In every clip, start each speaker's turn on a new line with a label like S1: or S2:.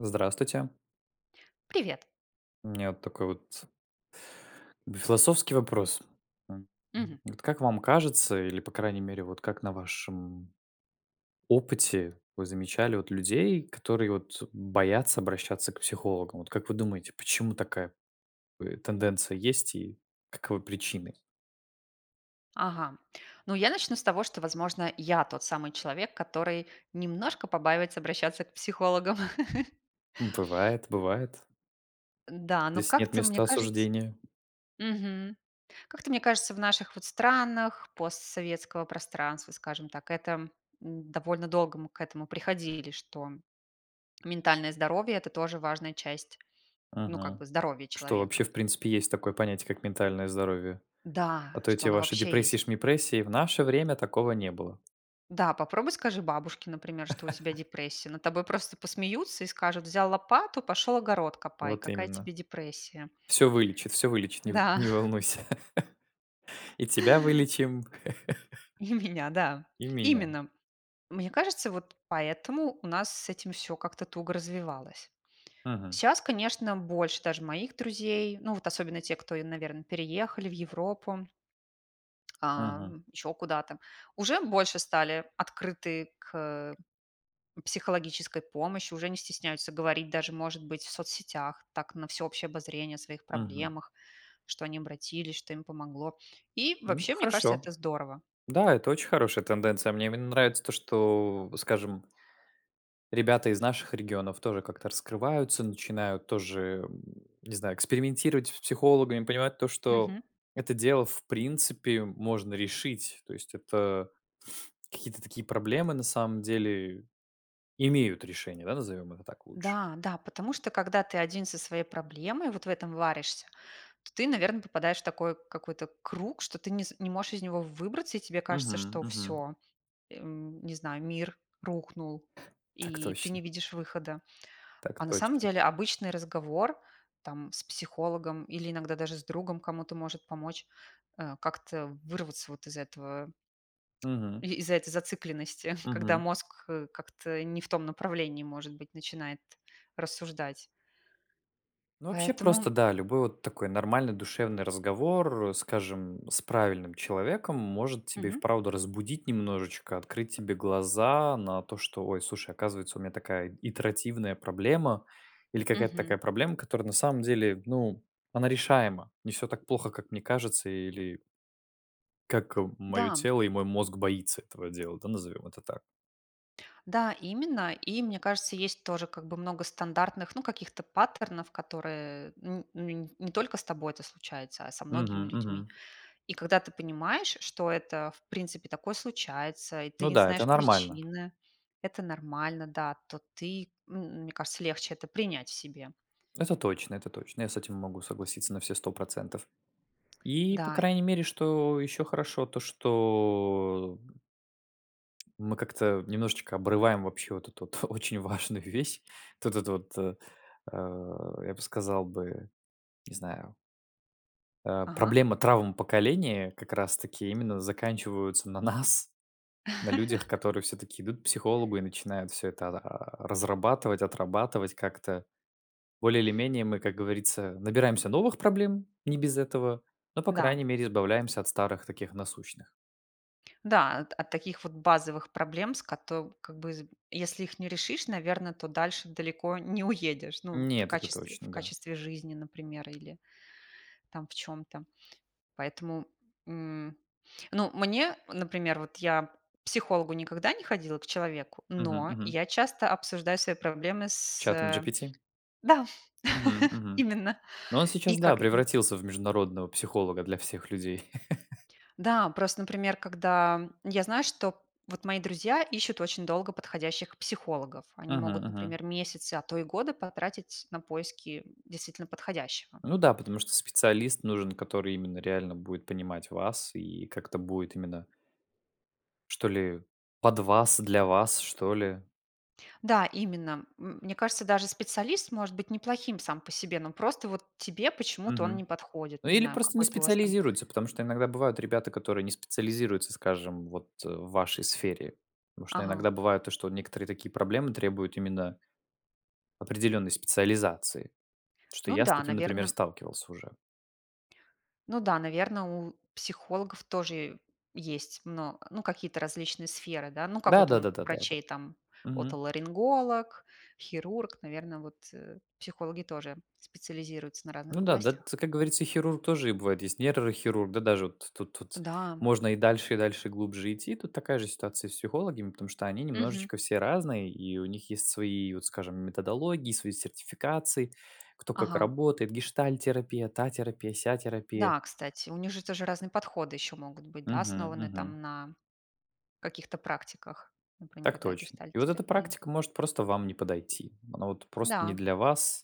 S1: Здравствуйте.
S2: Привет!
S1: У меня вот такой вот в философский вопрос. М,
S2: Мгм.
S1: вот как вам кажется или, по-крайней мере, вот, как на вашем опыте вы замечали, вот, людей, которые, вот, боятся обращаться к психологам? Вот, как вы думаете, почему такая ы тенденция есть и каковы причины?
S2: Ага. Ну я начну с того, что, возможно, я тот самый человек, который немножко побаивается обращаться к психологам.
S1: Бывает, бывает.
S2: Н-да, но
S1: Здесь нет
S2: как-то мне
S1: места
S2: кажется
S1: осуждению.
S2: Мгм. Как-то мне кажется в наших, вот, странах постсоветского пространства, скажем так, это м, довольно долго мы к этому приходили, что ментальное здоровье- это тоже важная часть, ну, как
S1: Мгм.
S2: бы здоровья
S1: Что
S2: человека.
S1: вообще в принципе есть такое понятие, как ментальное здоровье. А
S2: Да,
S1: то
S2: что
S1: эти
S2: оно
S1: ваши
S2: вообще есть.
S1: депрессии-шмипрессии- в наше время такого не было.
S2: Да, попробуй скажи бабушке, например, что у тебя депрессия. Над тобой просто посмеются и скажут: "Взял лопату- пошёл огород копай.
S1: Вот
S2: Какая
S1: именно.
S2: тебе депрессия?"
S1: Всё вылечит всё вылечит, не в
S2: Да.
S1: не волнуйся! И тебя вылечим
S2: И у меня, да.
S1: и меня!
S2: Именно. Мне кажется, вот поэтому у нас с этим всё как-то туго развивалось.
S1: Мгм.
S2: Щас, конечно, больше даже моих друзей, ну, вот особенно те, кто, и, наверно, переехали в Европу а,
S1: Мгм.
S2: ещё куда-то. Уже больше стали открыты к психологической помощи, уже не стесняются говорить даже, может быть, в соцсетях, так, на всеобщее обозрение о своих
S1: Мгм.
S2: проблемах, что они обратились, что им помогло. И
S1: Но это
S2: вообще, мне кажется, это
S1: хорошо,
S2: здорово.
S1: да, это очень хорошая тенденция. Мне именно нравится то, что, скажем ребята из наших регионов тоже как-то раскрываются, начинают тоже, м, не знаю, экспериментировать с психологами, понимать то, что
S2: Мгм.
S1: это дело, в принципе, можно решить. То есть это какие-то такие проблемы на самом деле имеют решение, да, назовем это так лучше.
S2: Да-да. Потому что, когда ты 1 со своей проблемой, вот в этом варишься, то ты, наверно, попадаешь в такой какой-то круг, что ты не с не можешь из него выбраться, и тебе кажется,
S1: Мгм,
S2: что
S1: мгм.
S2: всё, эм, не знаю, мир рухнул,
S1: Так
S2: и ты не
S1: точно.
S2: видишь выхода.
S1: Так
S2: А на самом
S1: точно.
S2: деле обычный разговор, там, с психологом или иногда даже с другом кому-то может помочь, э, как-то вырваться вот из этого
S1: Мгм.
S2: и из этой зацикленности, когда
S1: Мгм.
S2: мозг, э, как-то не в том направлении, может быть, начинает рассуждать.
S1: Ну, вообще просто
S2: Поэтому
S1: да. Любой вот такой нормальный душевный разговор, скажем, с правильным человеком может тебе и
S2: Мгм.
S1: вправду разбудить немножечко, открыть тебе глаза на то, что "Ой, слушай, оказывается, у меня такая итеративная проблема или какая-то
S2: Мгм.
S1: такая проблема, которая на самом деле, ну, она решаема". Не всё так плохо, как мне кажется или как моё
S2: Да.
S1: тело и мой мозг боится этого дела, да, назовем это так.
S2: Да, именно. И мне кажется, есть тоже как бы много стандартных, ну, каких-то паттернов, которые н н не только с тобой это случается, а со многими
S1: Мгм
S2: людьми.
S1: мгм.
S2: И когда ты понимаешь, что это в принципе такое случается, и ты
S1: Ну
S2: не
S1: да, это
S2: знаешь
S1: нормально.
S2: причины, это нормально, да. То ты м мне кажется, легче это принять в себе.
S1: Это точно это точно, я с этим могу согласиться на все 100 %. И, по
S2: Да и
S1: крайней мере, что еще хорошо, то что мы как-то немножечко обрываем вообще вот эту ф очень важную вещь, т т это вот, э, я бы сказал бы, не знаю э,
S2: Ага.
S1: проблемы травм поколения как раз таки именно заканчиваются на нас, на людях, которые всё-таки идут к психологу и начинают всё это, а разрабатывать, отрабатывать как-то. Более или менее мы, как говорится, набираемся новых проблем, не без этого, но, по крайней
S2: Да.
S1: мере, избавляемся от старых таких, насущных.
S2: Да, от от таких вот базовых проблем, с кото как бы, з если их не решишь, наверно, то дальше далеко не уедешь. Ну, в
S1: Нет, это
S2: качестве в
S1: точно, да.
S2: качестве жизни, например, или там в чём-то. Поэтому, м. Ну, мне, например вот я к психологу никогда не ходила, к человеку,
S1: Мгм
S2: но
S1: мгм.
S2: я часто обсуждаю свои проблемы
S1: С
S2: с,
S1: чатом
S2: э
S1: GPT?
S2: Да,
S1: Мгм мгм.
S2: именно.
S1: Ну, он
S2: И
S1: сейчас, да,
S2: как н
S1: превратился в международного психолога для всех людей.
S2: Да, просто, например, когда я знаю, что вот мои друзья ищут очень долго подходящих психологов. Они
S1: Мгм
S2: могут,
S1: мгм.
S2: например, месяцы, а то и годы потратить на поиски действительно подходящего.
S1: Ну да, потому что специалист нужен, который именно реально будет понимать вас и как-то будет именно что ли, под вас, для вас, что ли.
S2: Да, именно. М мне кажется, даже специалист может быть неплохим сам по себе, но просто вот тебе почему-то он не
S1: Мгм.
S2: подходит.
S1: Ну,
S2: Не
S1: или
S2: знаю,
S1: просто не
S2: какой-то у вас там
S1: специализируется, потому что иногда бывают ребята, которые не специализируются, скажем, вот в вашей сфере. Потому что
S2: Ага.
S1: иногда бывает, то что некоторые такие проблемы требуют именно определенной специализации. Потому что
S2: Ну
S1: я с
S2: да,
S1: таким, например,
S2: наверно
S1: сталкивался уже.
S2: Ну да, наверно, у психологов тоже есть мно ну, какие-то различные сферы, да. Ну, как
S1: Да
S2: вот
S1: да да
S2: ум
S1: да да да.
S2: врачей там:
S1: Мгм.
S2: отоларинголог, хирург. Наверно, вот, э, психологи тоже специализируются на
S1: Ну
S2: разных
S1: да, д
S2: областях.
S1: ц Как говорится, и хирург тоже и бывает есть нейрохирург, да, даже вот тут вот,
S2: Да.
S1: можно и дальше, и дальше глубже идти. Тут такая же ситуация и с психологами, потому что они
S2: Мгм.
S1: немножечко все разные, и у них есть свои и вот, скажем, методологии свои сертификации, кто как
S2: Ага.
S1: работает: гештальт-терапия, та терапия, ся терапия.
S2: Да, кстати, у них же тоже разные подходы еще могут быть. Да,
S1: Мгм
S2: основанные
S1: мгм.
S2: там на каких-то практиках, например,
S1: Так
S2: да,
S1: точно. И вот эта
S2: гештальт-терапии.
S1: практика может просто вам не подойти, она вот просто не
S2: Да.
S1: для вас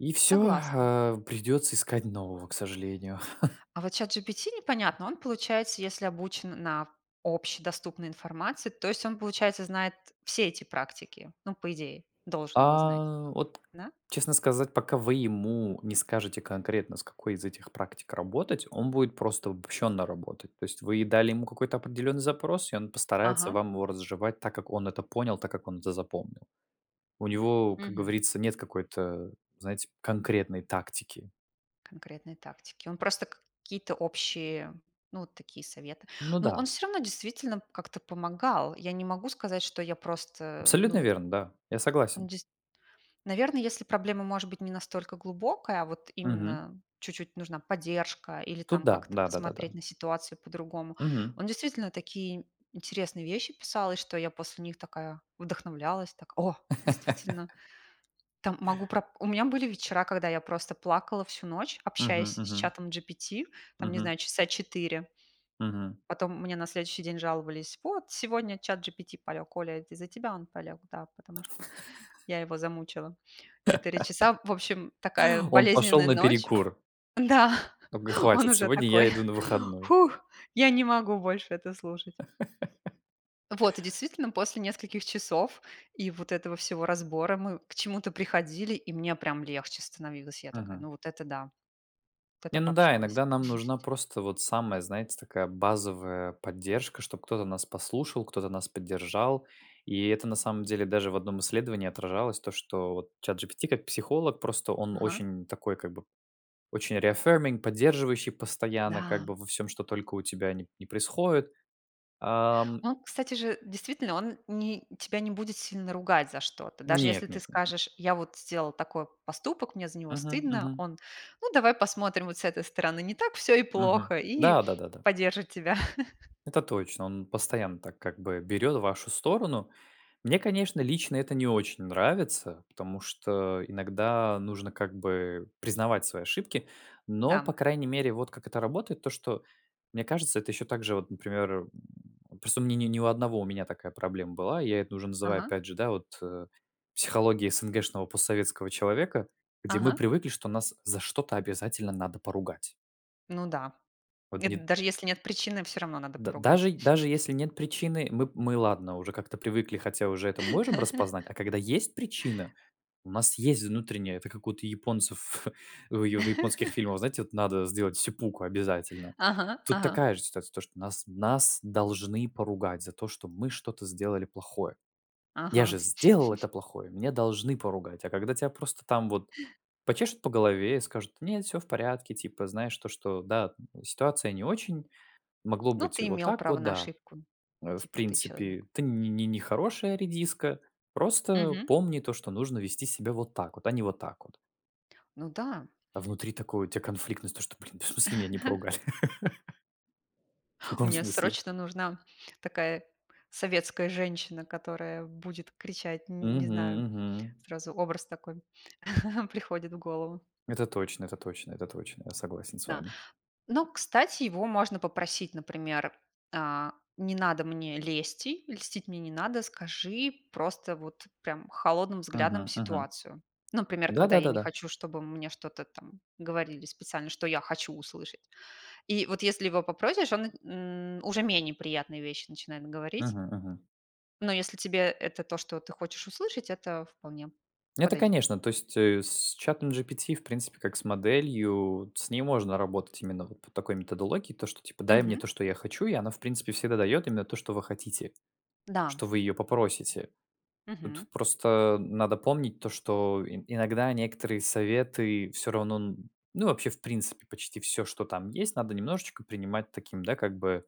S1: и всё,
S2: Согласна.
S1: э, придется искать нового, к сожалению.
S2: А вот СhatGPT- непонятно, он, получается, если обучен на общедоступной информации, то есть он получается знает все эти практики. Ну, по идее, должен бы знать,
S1: А, вот,
S2: да?
S1: честно сказать, пока вы ему не скажете конкретно, с какой из этих практик работать, он будет просто обобщенно работать. То есть вы и дали ему какой-то определенный запрос, и он постарается
S2: Ага.
S1: вам его разжевать, так как он это понял, так как он это запомнил. У него, как
S2: Мгм.
S1: говорится, нет какой-то, знаете, конкретной тактики.
S2: Конкретные тактики. Он просто какие-то общие, ну, вот такие советы.
S1: Ну
S2: Но он
S1: да.
S2: всё равно, действительно, как-то помогал. Я не могу сказать, что я просто, ну
S1: Абсолютно
S2: вот
S1: верно, да, я
S2: Он
S1: согласен.
S2: дейс Наверно, если проблема, может быть, не настолько глубокая, а вот
S1: Мгм.
S2: именно чуть-чуть нужна поддержка или
S1: Тут
S2: там
S1: да.
S2: как-то
S1: Да да да да.
S2: посмотреть на ситуацию по-другому.
S1: Мгм.
S2: Он, действительно, такие интересные вещи писал, и что я после них такая вдохновлялась так: "О, действительно!" Там, могу про У меня были вечера, когда я просто плакала всю ночь,
S1: Мгм
S2: общаясь с
S1: мгм.
S2: чатом GPT, там не
S1: Мгм.
S2: знаю, часа 4.
S1: Мгм.
S2: Потом мне на следующий день жаловались: "Вот, сегодня СhatGPT полег. Оля, это из-за тебя он полег". Да, потому что я его замучила 4 часа". В общем, такая
S1: Он пошел
S2: болезненная
S1: на
S2: ночь.
S1: перекур!
S2: Да,
S1: Он такоей:
S2: он
S1: "Хватит,
S2: уже
S1: сегодня я
S2: такой:
S1: иду на выходной!"
S2: "Фух, я не могу больше это слушать". Вот, и действительно, после нескольких часов и вот этого всего разбора, мы к чему-то приходили, и мне прям легче становилось. Я такая:
S1: Мгм.
S2: "Ну, вот это да. Вот это
S1: Не, ну да,
S2: пообщалась".
S1: иногда нам нужна, просто вот, самая, знаете, такая базовая поддержка, чтобы кто-то нас послушал, кто-то нас поддержал, и это, на самом деле, даже в одном исследовании отражалось то что, вот, ChatGPT как психолог, просто он
S2: Ага.
S1: очень такой, как бы очень reaffirming поддерживающий постоянно, как
S2: Да.
S1: бы во всём, что только у тебя не не происходит. Ам.
S2: Он, кстати же, действительно, он не тебя не будет сильно ругать за что-то. Даже, если
S1: Нет
S2: ты
S1: нет нет нет.
S2: скажешь: "Я вот сделал такой поступок, мне за него
S1: Мгм
S2: стыдно".
S1: мгм.
S2: Он: "Ну, давай посмотрим вот с этой стороны, не так всё и
S1: Мгм.
S2: плохо". И
S1: Да да да да.
S2: поддержит тебя.
S1: Это точно. Он постоянно так, как бы берет вашу сторону. Мне, конечно, лично это не очень нравится, потому что иногда нужно как бы признавать свои ошибки. Но, по
S2: Да.
S1: крайней мере, вот как это работает: то, что мне кажется это еще также, вот, например, м, просто у меня не не у одного у меня такая проблема была, я это уже называю,
S2: Ага.
S1: опять же, да, вот, э, "психологией эсэнгэшного, постсоветского человека", где мы
S2: Ага.
S1: привыкли, что нас за что-то обязательно надо поругать.
S2: Ну да.
S1: Вот,
S2: Это
S1: не
S2: даже, если нет причины, всё равно надо
S1: Да
S2: поругать.
S1: даже даже если нет причины, мы мы, ладно, уже как-то привыкли, хотя уже это можем распознать, а когда есть причина, у нас есть внутренняя это как вот у японцев, в ё в японских фильмов, знаете, вот, надо сделать сэппуку обязательно.
S2: Ага
S1: Тут
S2: ага.
S1: такая же ситуация, то, что нас нас, должны поругать за то, что мы что-то сделали плохое. "Я
S2: Ага.
S1: же сделал это плохое, меня должны поругать". А когда тя просто там вот почешут по голове и скажут: "Нет, всё в порядке, типа, знаешь, то, что да, ситуация не очень, могло
S2: Ну
S1: быть и
S2: ты
S1: вот
S2: имел
S1: так
S2: право
S1: вот,
S2: на
S1: да,
S2: ошибку,
S1: э, в
S2: типа ты- человек.
S1: принципе, ты не нехорошая редиска, просто
S2: Мгм.
S1: помни то, что нужно вести себя вот так вот, а не вот так вот".
S2: Ну да.
S1: А внутри такой, у тя конфликтность, то что: "Блин, да в смысле меня не поругали?" В каком
S2: Мне
S1: смысле?
S2: срочно нужна такая советская женщина, которая будет кричать, н не
S1: Мгм
S2: знаю.
S1: мгм.
S2: Сразу образ такой приходит в голову.
S1: Это точно это точно это точно, я согласен с
S2: Да.
S1: вами.
S2: Но, кстати, его можно попросить, например, э: "Не надо мне лести, льстить мне не надо, скажи просто вот прям холодным взглядом
S1: Мгм мгм.
S2: ситуацию". Ну, например,
S1: Да
S2: когда
S1: да
S2: я
S1: да
S2: не
S1: да.
S2: хочу, чтобы мне что-то там говорили специально, что я хочу услышать. И вот, если его попросишь, он на н уже менее приятные вещи начинает говорить.
S1: Мгм мгм.
S2: Но если тебе это то, что ты хочешь услышать, это вполне
S1: Это
S2: подойдёт.
S1: конечно, то есть, э, с чатом GPT, в принципе, как с моделью, вот, с ней можно работать именно, вот, по такой методологии, то что типа: "Дай мне
S2: Мгм.
S1: то, что я хочу". И она, в принципе, всегда дает именно то что вы хотите,
S2: Да.
S1: что вы ее попросите. Тут,
S2: Мгм.
S1: просто надо помнить то, что ин иногда некоторые советы всё равно, н ну, вообще в принципе почти всё, что там есть, надо немножечко принимать таким, да, как бы,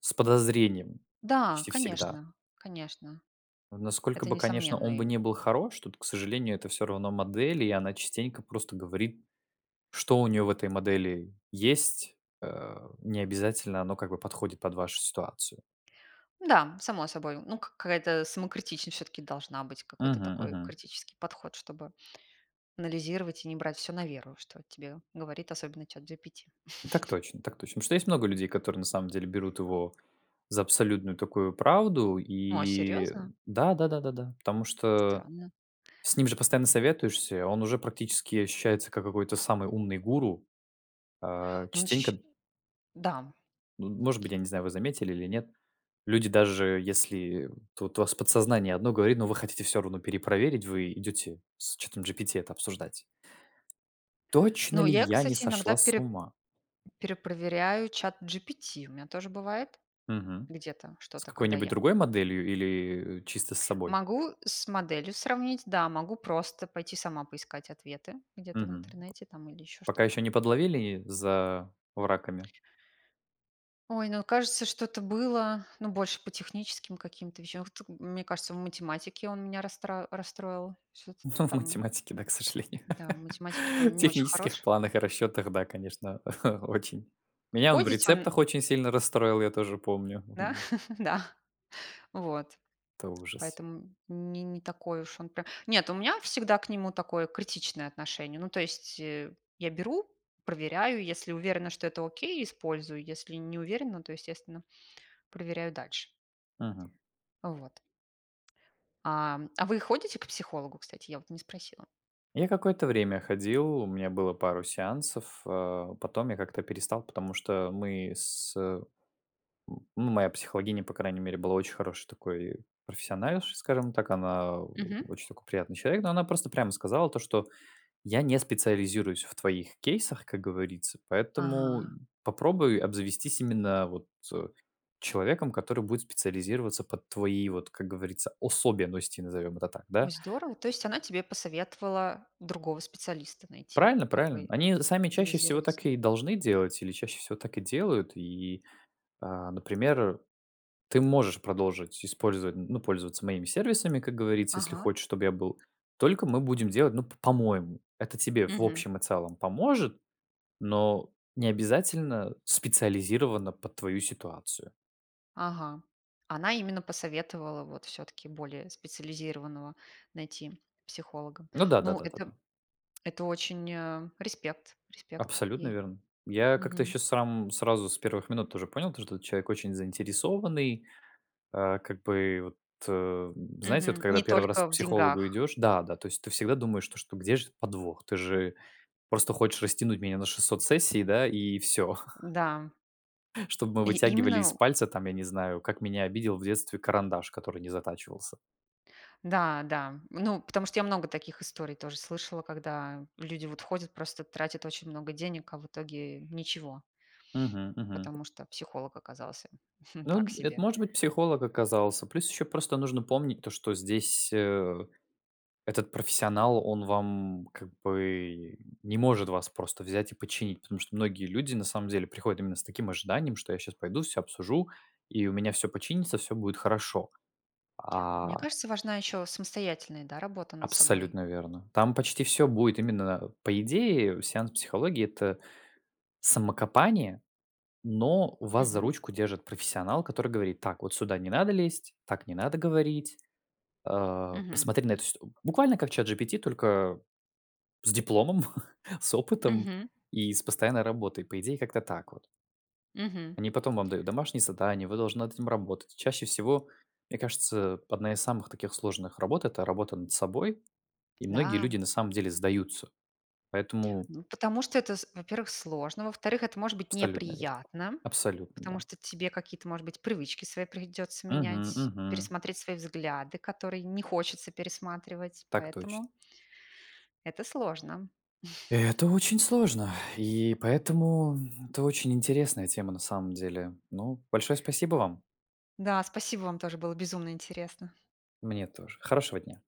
S1: с подозрением,
S2: Да,
S1: почти всегда.
S2: конечно, конечно,
S1: Вот насколько
S2: это
S1: бы, конечно, он
S2: несомненно
S1: бы
S2: им.
S1: не был хорош, тут, к сожалению, это всё равно модель, и она частенько просто говорит, что у нее в этой модели есть. Э, необязательно оно как бы подходит под вашу ситуацию.
S2: Н-да, само собой. Ну, к какая-то самокритичность всё-таки должна быть, какой-то
S1: Мгм
S2: такой
S1: мгм.
S2: критический подход, чтобы анализировать и не брать всё на веру, что тебе говорит, особенно, ChatGPT.
S1: Так точно так точно. Потому что есть много людей, которые, на самом деле, берут его за абсолютную такую правду
S2: О,
S1: и
S2: серьезно?
S1: да да да да да. Потому что
S2: Странно.
S1: с ним же постоянно советуешься, и он уже практически ощущается, как какой-то самый умный гуру. Э,
S2: Он же
S1: частенько,
S2: еще
S1: д
S2: Да.
S1: ну д может быть, я не знаю, вы заметили или нет. Люди даже, если тут у вас подсознание одно говорит, но вы хотите всё равно перепроверить, вы идете с чатом GPT это обсуждать. Точно
S2: Ну
S1: ли
S2: я,
S1: я не
S2: кстати, иногда
S1: сошла с
S2: переп
S1: ума?
S2: перепроверяю ChatGPT, у мя тоже бывает
S1: Мгм.
S2: где-то,
S1: С
S2: что-то, когда
S1: какой-нибудь
S2: я
S1: другой моделью или чисто с собой?
S2: Могу с моделью сравнить, да. Могу просто пойти сама поискать ответы где-то в
S1: Мгм.
S2: интернете там или еще
S1: Пока
S2: что-то.
S1: еще не подловили за враками?
S2: Ой, ну кажется что-то было, ну, больше по техническим каким-то вещам, в т Мне кажется, в математике он меня расстра расстроил чё-то
S1: Ну, в
S2: там.
S1: математике, да, к сожалению.
S2: Да, в математике
S1: В
S2: он не очень
S1: технических
S2: хорош.
S1: планах и расчетах, да, конечно, очень.
S2: К
S1: Меня он в
S2: кодить он
S1: рецептах очень сильно расстроил, я тоже помню,
S2: Да?
S1: мгм.
S2: Да, вот.
S1: Это ужас.
S2: Поэтому не не такой уж он прям нет, у меня всегда к нему такое критичное отношение. Ну, то есть, э, я беру, проверяю. Если уверена, что это окей- использую. Если не уверена, то, естественно, проверяю дальше.
S1: Мгм.
S2: Вот. Ам, а вы ходите к психологу, кстати? Я вот не спросила.
S1: Я какое-то время ходил, у меня было пару сеансов, э, потом я как-то перестал, потому что мы, с м, ну, моя психологиня, по крайней мере, была очень хорошей такой профессиональшей, скажем так. Она
S2: Мгм.
S1: очень такой, приятный человек. Ну, она просто прямо сказала то, что: "Я не специализируюсь в твоих кейсах, как говорится, поэтому
S2: Ага.
S1: попробуй обзавестись именно, вот, человеком, который будет специализироваться под твои, вот, как говорится, особенности",- назовём это так,
S2: Ой,
S1: да.
S2: здорово! То есть она тебе посоветовала другого специалиста найти,
S1: Правильно правильно.
S2: который
S1: Они сами, чаще всего,
S2: специализируется?
S1: так и должны делать или чаще всего так и делают. И, а, например, ты можешь продолжить использовать, н ну, пользоваться моими сервисами, как говорится, если
S2: Ага.
S1: хочешь, чтобы я был. Только мы будем делать, ну п по-моему. Это тебе в
S2: Мгм.
S1: общем и целом поможет, но необязательно специализировано под твою ситуацию.
S2: Ага, она именно посоветовала вот всё-таки более специализированного найти психолога.
S1: Ну да да
S2: Ну,
S1: да да
S2: это
S1: да.
S2: это очень, э респект респект
S1: Абсолютно
S2: ей.
S1: верно. Я как-то
S2: Мгм.
S1: еще сам сразу с первых минут уже понял, то что вот человек очень заинтересованный. Э, как бы вот, э, знаете, вот
S2: Мгм.
S1: когда
S2: Не
S1: 1 раз
S2: только
S1: к
S2: в
S1: психологу
S2: деньгах.
S1: идешь да-да, то есть ты всегда думаешь, что: где же подвох? Ты же просто хочешь растянуть меня на 600 сессий, да, и всё
S2: Да.
S1: чтоб мы
S2: И
S1: вытягивали
S2: именно,
S1: из
S2: ну
S1: пальца, там, я не знаю, как меня обидел в детстве карандаш, который не затачивался.
S2: Да-да. Ну, потому что я много таких историй тоже слышала, когда люди, вот, ходят, просто, тратят очень много денег, а в итоге ничего.
S1: Мгм мгм.
S2: Потому что психолог оказался
S1: Ну
S2: так
S1: д это,
S2: себе.
S1: может быть, психолог оказался. Плюс еще просто нужно помнить то, что здесь, э, этот профессионал, он вам, как бы не может вас просто взять и починить. Потому что многие люди, на самом деле, приходят именно с таким ожиданием, что: "Я щас пойду всё обсужу, и у меня всё починится, всё будет хорошо".
S2: Мне
S1: А
S2: кажется, важна еще самостоятельная, да, работа, над собой.
S1: Абсолютно верно. Там почти всё будет именно По идее сеанс психологии- это самокопание, но вас за
S2: Мгм.
S1: ручку держит профессионал, который говорит: "Так вот сюда не надо лезть, так не надо говорить. Э,
S2: Мгм.
S1: посмотри на эту ситу" Буквально как ChatGPT, только с дипломом, с опытом
S2: Мгм.
S1: и с постоянной работой. По идее как-то так вот.
S2: Мгм.
S1: Они потом вам дают домашние задания, вы должны над этим работать. И чаще всего, мне кажется, одна из самых таких сложных работ- это работа над собой. И многие
S2: Да.
S1: люди, на самом деле, сдаются. Поэтому
S2: Ну, потому что это, с во-первых, сложно. Во-вторых, это может быть
S1: Абсолютно верно.
S2: неприятно,
S1: Абсолютно,
S2: потому
S1: да.
S2: что тебе какие-то, может быть, привычки свои придётся
S1: Мгм
S2: менять,
S1: мгм.
S2: пересмотреть свои взгляды, которые не хочется пересматривать,
S1: Так точно.
S2: поэтому это сложно.
S1: Это очень сложно, и поэтому это очень интересная тема, на самом деле. Ну, большое спасибо вам.
S2: Да, спасибо вам тоже. Было безумно интересно!
S1: Мне тоже. Хорошего дня!